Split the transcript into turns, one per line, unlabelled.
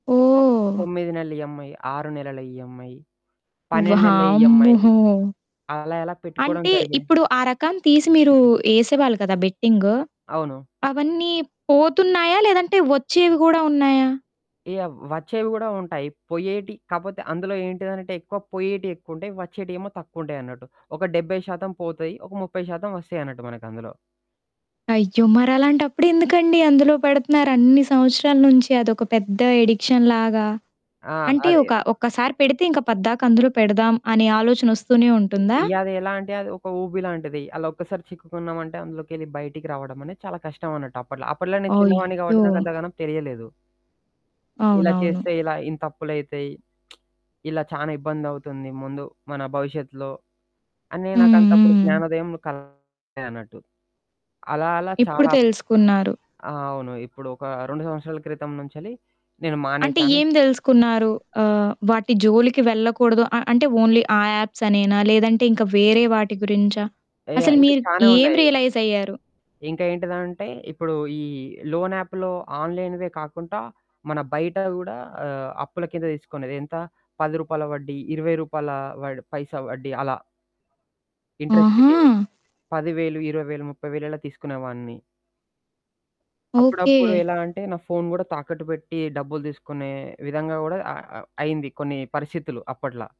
ఓహ్!
9 నెలలు ఈఎంఐ, 6 నెలలు ఈఎంఐ, 12 నెలల ఈఎంఐ
వామ్మో!
అలా ఇలా పెట్టుకోవడం
అంటే
జరిగింది.
ఇప్పుడు ఆ రకం తీసి మీరు ఏసేవాళ్ళు కదా! బెట్టింగు?
అవును.
అవన్నీ పోతున్నాయా? లేదంటే వచ్చేవి గూడా ఉన్నాయా?
యాహ్! వచ్చేవి కూడా ఉంటాయి. పొయ్యేటి కాపోతే అందులో ఏంటిదనంటే ఎక్కువ పొయ్యేటియెక్కువంటాయి, వచ్చేటియేమో తక్కువుంటాయన్నట్టు. ఒక 70% పోతాయి, ఒక 30% వస్తాయిన్నట్టు మనకందులో.
అయ్యో! మరలాంటప్పుడెందుకండి? అందులో పెడుతున్నారు అన్ని సంవత్సరాల నుంచి అదొక పెద్ద ఎడిక్షన్‌లాగా?
ఆ!
అంటే
అది.
ఒక ఒక్కసారి పెడితే ఇంక పద్దాక అందులో పెడదాం అనే ఆలోచనొస్తూనే
ఇ
ఉంటుందా?
ఇగ అది ఎలా అంటే అది ఒక ఊబి లాంటిది. అలా ఒక్కసారి చిక్కుకున్నామంటే, అందులోకెళ్ళి బయటికి రావడమనేది చాలా కష్టం అన్నట్టు అప్పట్లో. అప్పట్లో నేను చిన్నవాడిని
అయ్యో!
కాబట్టి నాకు అంతగానం తెలియలేదు. ఇలా
అవునవును.
చేస్తే ఇలా ఇంతప్పులైతాయి. ఇలా చానా ఇబ్బందవుతుంది ముందు మన భవిష్యత్తులో అనే
హ్మ్.
నాకంతప్పుడు
హ్మ్.
జ్ఞానోదయం కలగలే అన్నట్టు. అలా అలా
ఇప్పుడు
చాలా
తెలుసుకున్నారు.
ఆ! అవును. ఇప్పుడు ఒక 2 సంవత్సరాల క్రితం నుంచలి నేను
అంటే
మానేశాను.
ఏం తెలుసుకున్నారు? ఆహ్, వాటి జోలికి వెళ్ళకూడదు, అ అంటే ఓన్లీ ఆ యాప్స్ అనేనా? లేదంటే ఇంక వేరే వాటి గురించా?
ఏయా
అసలు
ఇంకా
మీరు
చానా
ఏం
ఉన్నాయి.
రియలైజ్ అయ్యారు?
ఇంక ఏంటిదంటే ఇప్పుడు ఈ లోన్ యాప్‌లో ఆన్‌లైన్‌వే కాకుండా, మన బయట గూడా ఆహ్, అప్పుల కింద తీసుకునేది. ఎంత రూ. 10 వడ్డీ, రూ. 20 వడ్ పైసా వడ్డీ అలా.
ఆహా!
ఇంట్రెస్ట్‌కి. 10,000, 20,000, 30,000 అలా తీసుకునేవాడిని.
ఓకే.
అప్పుడప్పుడు ఎలా అంటే నా ఫోను కూడా తాకట్టు పెట్టి డబ్బులు తీసుకునే విధంగా కూడా అ అ అయ్యింది కొన్ని పరిస్థితులు అప్పట్లా.